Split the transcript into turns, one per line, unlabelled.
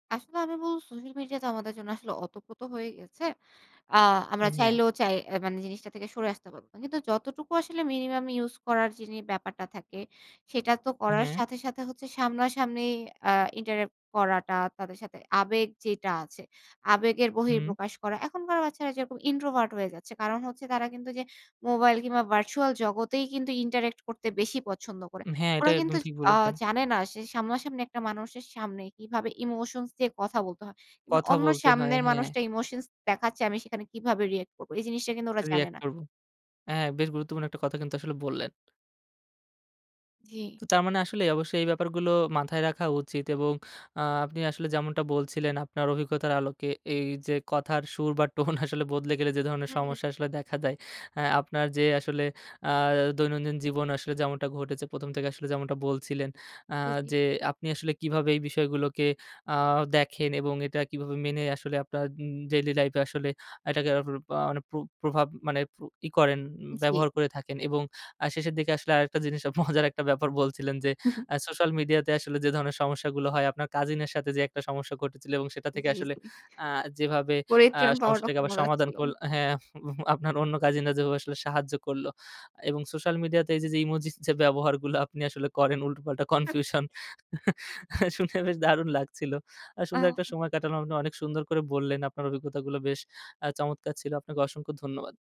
আসলে আমি বলবো সোশ্যাল মিডিয়া তো আমাদের জন্য আসলে অতপ্রত হয়ে গেছে। আ আমরা
উম হ্যাঁ।
চাইলেও চাই অ্যা মানে জিনিসটা থেকে সরে আসতে পারবো না। কিন্তু যতটুকু আসলে মিনিমাম ইউস করার যিনি ব্যাপারটা থাকে সেটা তো করার
হ্যাঁ।
সাথে, সাথে, হচ্ছে সামনাসামনি আ interact করাটা তাদের সাথে আবেগ যেটা আছে, আবেগের
হুম।
বহিঃপ্রকাশ করা। এখনকার বাচ্চারা যেরকম introvert হয়ে যাচ্ছে। কারণ হচ্ছে তারা কিন্তু যে মোবাইল কিংবা ভার্চুয়াল জগতেই কিন্তু interact করতে বেশি পছন্দ করে।
উম হ্যাঁ এটা
ওরা
একদম
কিন্তু
ঠিক
আ
বলেছেন।
জানে না সে সামনা-সামনি একটা মানুষের সামনে কিভাবে ইমোশনস দিয়ে কথা বলতে হয়। কিংবা
কথা
অন্য
বলতে হয়,
সামনের
হ্যাঁ।
মানুষটা ইমোশনস দেখাচ্ছে আমি সেখানে কিভাবে রিঅ্যাক্ট করব। এই জিনিসটা কিন্তু ওরা জানে
রিঅ্যাক্ট
না।
করব। অ্যা বেশ গুরুত্বপূর্ণ একটা কথা কিন্তু আসলে বললেন।
জি।
তো তার মানে আসলে অবশ্যই এই ব্যাপারগুলো মাথায় রাখা উচিত। এবং আ আপনি আসলে যেমনটা বলছিলেন আপনার অভিজ্ঞতার আলোকে এই যে কথার সুর বা টোন আসলে বদলে গেলে যে ধরনের সমস্যা
হুম।
আসলে দেখা দেয়, অ্যা আপনার যে আসলে আ দৈনন্দিন জীবন আসলে যেমনটা ঘটেছে। ১ম, থেকে আসলে যেমনটা বলছিলেন। আ
জি, জি।
যে আপনি আসলে কিভাবে এই বিষয়গুলোকে আ দেখেন এবং এটা কিভাবে মেনে আসলে আপনার উম ডেইলি লাইফ এ আসলে এটাকে [unintelligible] মানে প্র প্রভাব মানে প্র ই করেন ব্যবহার
জি।
করে থাকেন। উম এবং আ শেষের দিকে আসলে আরেকটা জিনিস আ মজার একটা ব্যাপার বলছিলেন যে, আ সোশ্যাল মিডিয়া তে আসলে যে ধরনের সমস্যাগুলো হয় আপনার কাজিন এর সাথে যে একটা সমস্যা ঘটেছিলো এবং সেটা থেকে
জি,
আসলে
জি।
আ যেভাবে আ
[unintelligible] পাওয়াটা
সমস্যাটাকে
খুব
আবার
মজার
সমাধান
ছিল।
করল হ্যাঁ। আপ হু আপনার অন্য কাজিনরা যেভাবে আসলে সাহায্য করলো। এবং সোশ্যাল মিডিয়া তে এই যে ইমোজিস যে ব্যবহারগুলো আপনি আসলে করেন উল্টোপাল্টা
হুহ।
কনফিউশন শুনে বেশ দারুণ লাগছিল। আর সুন্দর একটা
আ
সময় কাটালাম। আপনি অনেক সুন্দর করে বললেন, আপনার অভিজ্ঞতাগুলো বেশ আ চমৎকার ছিল। আপনাকে অসংখ্য ধন্যবাদ।